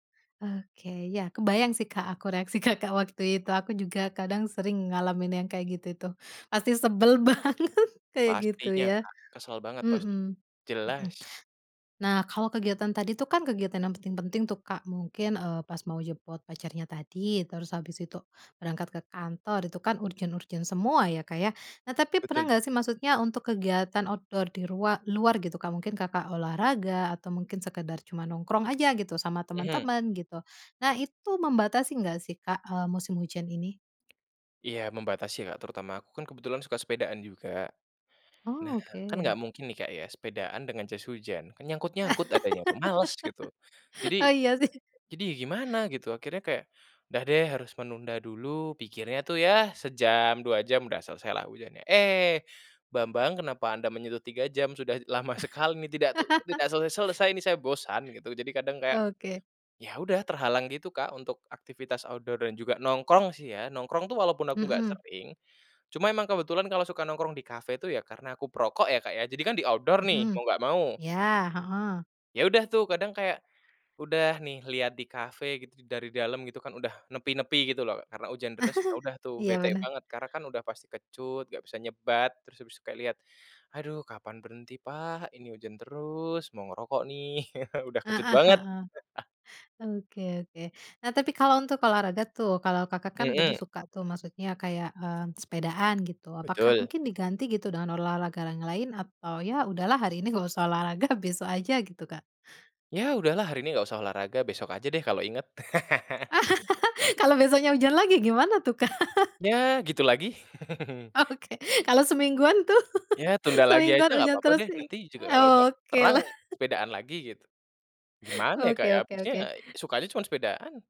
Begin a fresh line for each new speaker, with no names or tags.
Oke, ya kebayang sih Kak, aku reaksi Kakak, waktu itu, aku juga kadang sering ngalamin yang kayak gitu itu, pasti sebel banget kayak gitu
Pastinya
ya.
Kak, kesal banget pasti,
Mhm Mhm.
jelas.
Nah, kalau kegiatan tadi tuh kan kegiatan yang penting-penting tuh Kak, mungkin eee, pas mau jemput pacarnya tadi, terus habis itu berangkat ke kantor itu kan urgent-urgent semua ya Kak, ya, nah tapi
Betul.
pernah enggak sih maksudnya untuk kegiatan outdoor di rua luar gitu Kak, mungkin Kakak, olahraga atau mungkin sekedar cuma nongkrong aja gitu sama
Mhm.
temen-temen gitu, nah itu membatasi engggak sih Kak, eee, musim hujan ini?
Iya membatasi Kak, terutama aku kan kebetulan suka sepedaan juga. Nah, kan enggak
Oke.
mungkin nih Kak, ya, sepedaan dengan jas hujan. Kan nyangkut-nyangkut adanya tuh, males gitu.
Oh
Jadi,
iya sih.
jadi gimana gitu, akhirnya kayak udah deh harus menunda dulu, pikirnya tuh ya sejam, 2 jam udah selesai lah hujannya. Eh, Bambang kenapa anda menyentuh 3 jam, sudah lama sekali ini, tidak tuh tidak selesai-selesai ini saya bosan gitu, jadi kadang kayak,
Oke.
ya udah terhalang gitu Kak, untuk aktivitas outdoor dan juga nongkrong sih ya. Nongkrong tuh walaupun aku enggak
Mhm.
sering, cuma emang kebetulan kalau suka nongkrong di kafe tuh ya karena aku perokok ya Kak, ya, jadi kan di outdoor nih,
Mhm.
mau enggak mau.
Ya, heeh.
Ya udah tuh kadang kayak, udah nih lihat di kafe gitu dari dalam gitu kan udah nepi-nepi gitu loh karena ujan deras, ya udah tuh
Iya
bete
bener.
banget karena kan udah pasti kecut, enggak bisa nyebat, terus abis kayak lihat aduh kapan berhenti pak, ini ujan terus, mau ngerokok nih, udah kecut
Heeh
banget.
heeh. Oke oke. Nah tapi kalau untuk olahraga tuh, kalau Kakak, kan tadi
Mhm.
suka tuh maksudnya kayak mmm, sepedaan gitu, apakah
Betul
mungkin diganti gitu dengan olahraga yang lain atau ya udahlah hari ini enggak usah olahraga besok aja gitu Kak?
Ya udahlah hari ini ga usah olahraga, besok aja deh kalo inget.
Kalau besoknya hujan lagi, gimana tuh, Kak?
Ya gitu lagi.
Oke kalau semingguan tuh.
Ya tunda lagi aja
Semingguan
enggak
hujan
apa-apa
terus,
deh, nanti juga kalau udah
oke
terang
lah.
sepedaan lagi gitu. Gimana ya Kak,
Oke
ya,
oke
abisnya
oke.
sukanya cuma sepedaan.